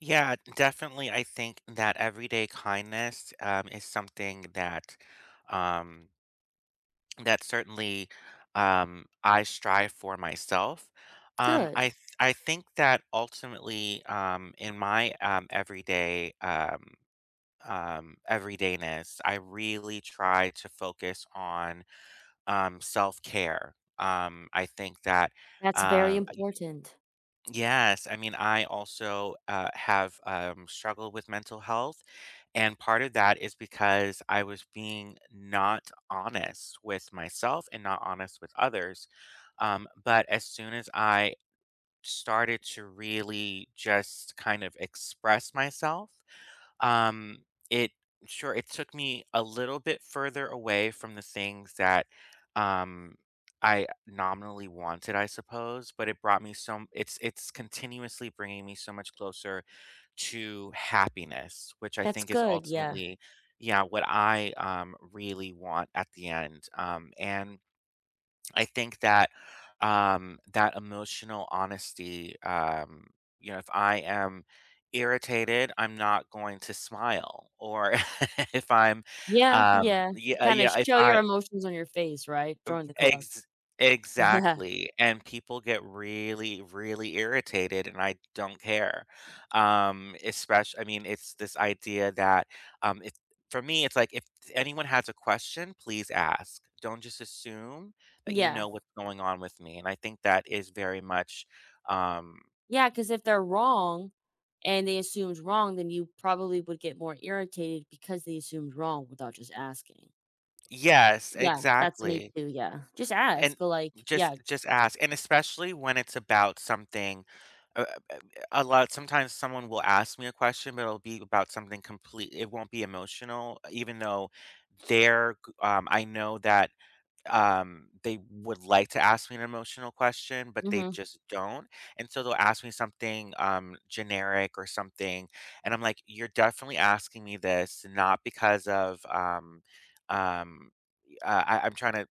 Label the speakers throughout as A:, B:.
A: Yeah. Definitely, I think that everyday kindness, um, is something that, um that certainly, um, I strive for myself. Um, I
B: Good.
A: th I think that ultimately, um, in my, um, everyday, um, um, everydayness, I really try to focus on, um, self-care. Um, I think that,
B: That's very
A: uh, I
B: important.
A: Yes, I mean, I also, uh, have, um, struggled with mental health, and part of that is because I was being not honest with myself and not honest with others, um, but as soon as I started to really just kind of express myself, um, it sure it took me a little bit further away from the things that, um, I nominally wanted, I suppose, but it brought me some it's it's continuously bringing me so much closer to happiness, which I
B: That's
A: think is
B: good. Yeah.
A: ultimately yeah, what I, um, really want at the end. Um, and I think that, um, that emotional honesty, um, you know, if I am irritated, I'm not going to smile or if I'm,
B: Yeah.
A: um,
B: Yeah.
A: yeah, uh,
B: Kinda
A: yeah, if
B: show your
A: I
B: emotions on your face, right,
A: Of
B: join the club.
A: ex
B: Yeah.
A: exactly, and people get really, really irritated, and I don't care. Um, espec I mean, it's this idea that, um, it for me, it's like if anyone has a question, please ask. Don't just assume that you
B: Yeah.
A: know what's going on with me. And I think that is very much, um
B: Yeah, 'cause if they're wrong and they assumed wrong, then you probably would get more irritated because they assumed wrong without just asking.
A: Yes.
B: Yeah. That's me
A: Exactly.
B: too. Yeah. Just
A: And
B: ask. Like
A: just
B: yeah.
A: just ask. And especially when it's about something a a a lot sometimes someone will ask me a question, but it'll be about something complete it won't be emotional, uh, even though they're g um, I know that, um, they would like to ask me an emotional question, but they
B: Mhm.
A: just don't. And so they'll ask me something, um, generic or something. And I'm like, you're definitely asking me this not because of, um, um, e uh, I I'm tryna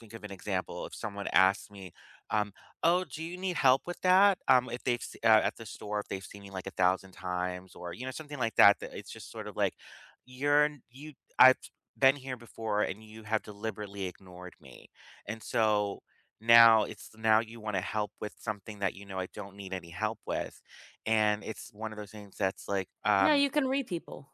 A: think of an example. If someone asked me, um, "Oh, do you need help with that?" Um, If they've see uh, at the store, if they've seen me, like, a thousand times or, you know, something like that that it's just sort of like, you're n you I've been here before, and you have deliberately ignored me. And so now it's now you wanna help with something that you know I don't need any help with. And it's one of those things that's like,
B: No,
A: um
B: you can read people.